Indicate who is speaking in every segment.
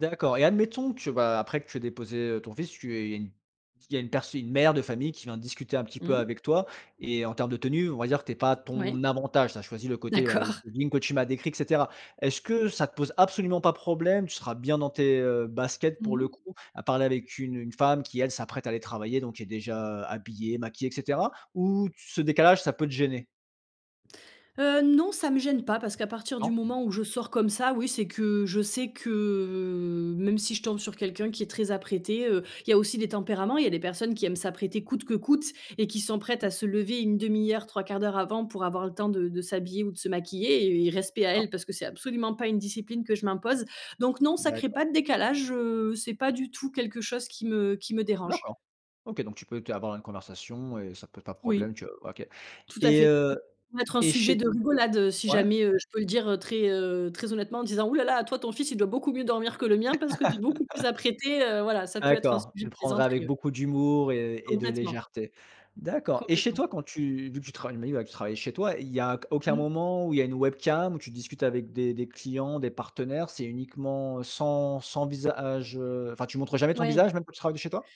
Speaker 1: D'accord et admettons que, bah, après que tu aies déposé, heu, ton fils, tu aies une il y a une pers une mère de famille, qui vient discuter un petit peu
Speaker 2: Mmh.
Speaker 1: avec toi et en termes de tenue, on va dire que tu es pas à
Speaker 2: Moui,
Speaker 1: ton avantage, tu as choisis le côté, ouais, le
Speaker 2: d'accord.
Speaker 1: jogging que tu m'as décrit et cetera. Est-ce que ça te pose absolument pas problème, tu seras bien dans tes, heu, baskets
Speaker 2: Mmh
Speaker 1: pour
Speaker 2: mh.
Speaker 1: le coup à parler avec une une femme qui, elle, s'apprête à aller travailler, donc qui est déjà habillée, maquillée et cetera, ou t ce décalage, ça peut te gêner?
Speaker 2: Heu, non, ça me gêne pas, parce qu'à partir du
Speaker 1: Non?
Speaker 2: moment où je sors comme ça, oui, c'est que je sais que, heu, même si je tombe sur quelqu'un qui est très apprêté, heu, il y a aussi des tempéraments, il y a des personnes qui aiment s'apprêter coûte que coûte et qui sont prêtes
Speaker 1: Mmh.
Speaker 2: à se lever 1/2 heure, 3/4 d'heure avant pour avoir le temps de de s'habiller ou de se maquiller et et respect à
Speaker 1: D'accord.
Speaker 2: elles, parce que c'est absolument pas une discipline que je m'impose, donc non, ça crée pas
Speaker 1: D'accord.
Speaker 2: de décalage, heu, c'est pas du tout quelque chose qui me qui me dérange.
Speaker 1: D'accord. OK, donc tu peux te avoir une conversation et ça te pose pas problème
Speaker 2: Oui,
Speaker 1: que OK
Speaker 2: tout à fait,
Speaker 1: et heu
Speaker 2: ça peut être un
Speaker 1: et
Speaker 2: sujet
Speaker 1: chez
Speaker 2: de rigolade, heu, si
Speaker 1: ouais.
Speaker 2: jamais, heu, je peux le dire très, heu, très honnêtement en disant: «Ouh là là, toi ton fils il doit beaucoup mieux dormir que le mien parce que tu es beaucoup plus apprêtée», heu, voilà, ça peut être un
Speaker 1: D'accord,
Speaker 2: sujet
Speaker 1: tu le
Speaker 2: de
Speaker 1: prendrais
Speaker 2: plaisanterie,
Speaker 1: avec
Speaker 2: oui.
Speaker 1: beaucoup d'humour et et de
Speaker 2: Complètement.
Speaker 1: légèreté. D'accord. Et chez
Speaker 2: Complètement.
Speaker 1: toi, quand tu vu que tu travailles, tu m'as dit, ouais, que tu travaillais chez toi, il y a q aucun
Speaker 2: Mmh.
Speaker 1: moment où il y a une webcam où tu discutes avec des des clients, des partenaires? C'est uniquement sans sans visage, heu, enfin, tu montres jamais ton
Speaker 2: Ouais.
Speaker 1: visage, même que tu travailles de chez toi?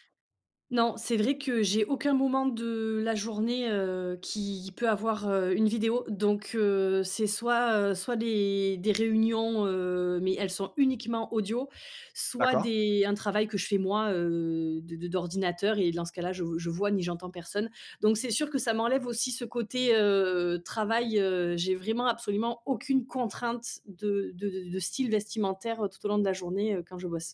Speaker 2: Non, c'est vrai que j'ai aucun moment de la journée, heu, qui peut avoir, heu, une vidéo. Donc, heu, c'est soit, heu, soit les des réunions, heu, mais elles sont uniquement audio, soit
Speaker 1: D'accord.
Speaker 2: des un travail que je fais moi, heu, d d d'ordinateur et dans ce cas-là, je je vois ni j'entends personne, donc c'est sûr que ça m'enlève aussi ce côté, heu, travail, heu. J'ai vraiment absolument aucune contrainte de de de de de style vestimentaire tout au long de la journée, heu, quand je bosse.